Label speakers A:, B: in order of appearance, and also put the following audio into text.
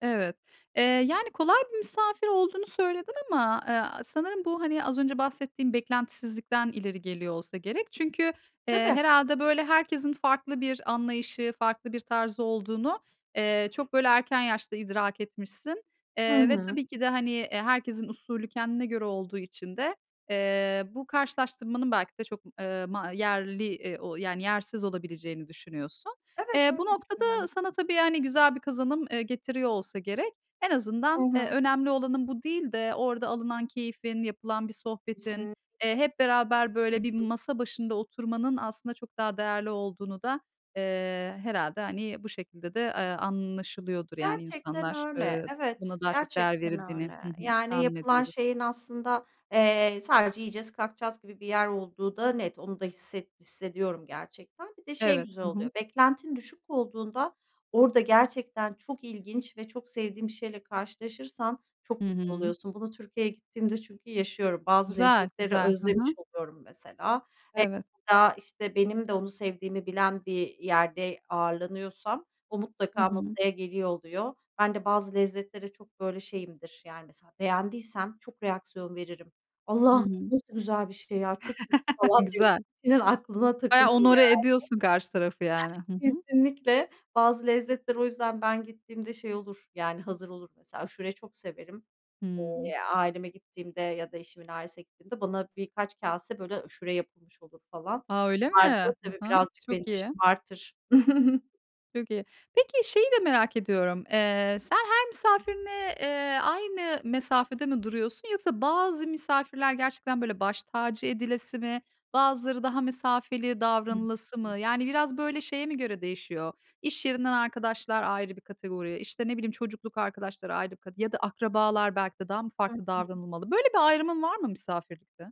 A: Evet. Eee, yani, kolay bir misafir olduğunu söyledin ama, eee, a sanırım bu hani az önce bahsettiğin beklentisizlikten ileri geliyor olsa gerek. Çünkü, eee,
B: Tabii.
A: herhâlde, böyle, herkesin farklı bir anlayışı, farklı bir tarzı olduğunu, eee, çok böyle erken yaşta idrak etmişsin.
B: Hı
A: Eee, ve
B: hı.
A: tabii ki de, hani, e, herkesin usulü kendine göre olduğu için de, eee, bu karşılaştırmanın belki de çok m eee, ma yerli, iii, o yani yersiz olabileceğini düşünüyorsun.
B: Evet,
A: Eee, bu
B: öyle
A: noktada
B: düşünüyorum.
A: sana tabii, hani, güzel bir kazanım, eee, getiriyor olsa gerek. En
B: Hı
A: azından, eee,
B: hı.
A: önemli olanın bu değil de orada alınan keyfin, yapılan bir sohbetin,
B: Kesinlik
A: eee, hep beraber,
B: Hı
A: böyle, bir
B: hı.
A: masa başında oturmanın aslında çok daha değerli olduğunu da, eee, herhâlde hani bu şekilde de, eee, anlaşılıyordur, yani,
B: Gerçekten
A: insanlar.
B: öyle,
A: Eee,
B: evet,
A: buna daha çok değer
B: gerçekten
A: verildiğini
B: öyle.
A: Hı hı,
B: Yani
A: tahmin
B: yapılan
A: ediyordur.
B: şeyin aslında, eee, sadece, "Yiyeceğiz, kalkacağız." gibi bir yer olduğu da net onu da hisset hissediyorum gerçekten. Bir de şey
A: Evet.
B: güzel
A: Hı
B: oluyor
A: hı.
B: beklentin düşük olduğunda orada gerçekten çok ilginç ve çok sevdiğin bir şeyle karşılaşırsan
A: Hı
B: çok mutlu
A: hı.
B: oluyorsun. Bunu Türkiye'ye gittiğimde çünkü yaşıyorum bazı
A: Güzel,
B: lezzetleri
A: güzel. Hı
B: özlemiş
A: hı.
B: oluyorum mesela.
A: Evet.
B: [unintelligible] İşte, benim de onu sevdiğimi bilen bir yerde ağırlanıyorsam o
A: Hı
B: mutlaka
A: hı.
B: masaya geliyor oluyor. Ben de bazı lezzetlere çok, böyle, şeyimdir, yani, mesela beğendiysem çok reaksiyon veririm.
A: Hı
B: "Allah'ım
A: hı.
B: nasıl güzel bir şey ya! Çok iyi." falan diye
A: Güzel.
B: [unintelligible] Aklına
A: Bayağı
B: takılır
A: honorer
B: yani.
A: ediyorsun karşı tarafı yani. Hı hı.
B: Kesinlikle. Bazı lezzetler o yüzden ben gittiğimde şey olur, yani, hazır olur. Mesela aşureyi çok severim.
A: Hımm.
B: Eee, aileme gittiğimde ya da eşimin ailesine gittiğimde bana birkaç kâse, böyle, aşure yapılmış olur falan.
A: A, öyle
B: Bunlar da,
A: mi?
B: tabii,
A: Hı hı.
B: birazcık beni
A: Çok
B: de
A: iyi.
B: şımartır.
A: Çok iyi. Peki şeyi de merak ediyorum: Eee, sen her misafirine, eee, aynı mesafede mi duruyorsun yoksa bazı misafirler gerçekten, böyle, baş tacı edilesi mi? Bazıları daha mesafeli davranılası
B: [unintelligible]
A: mı? Yani biraz, böyle, şeye mi göre değişiyor? İş yerinden arkadaşlar ayrı bir kategori, işte, ne bileyim, çocukluk arkadaşları ayrı bir kate ya da akrabalar belki de daha mı
B: Hı
A: farklı
B: hı.
A: davranılmalı? Böyle bir ayrımın var mı misafirlikte?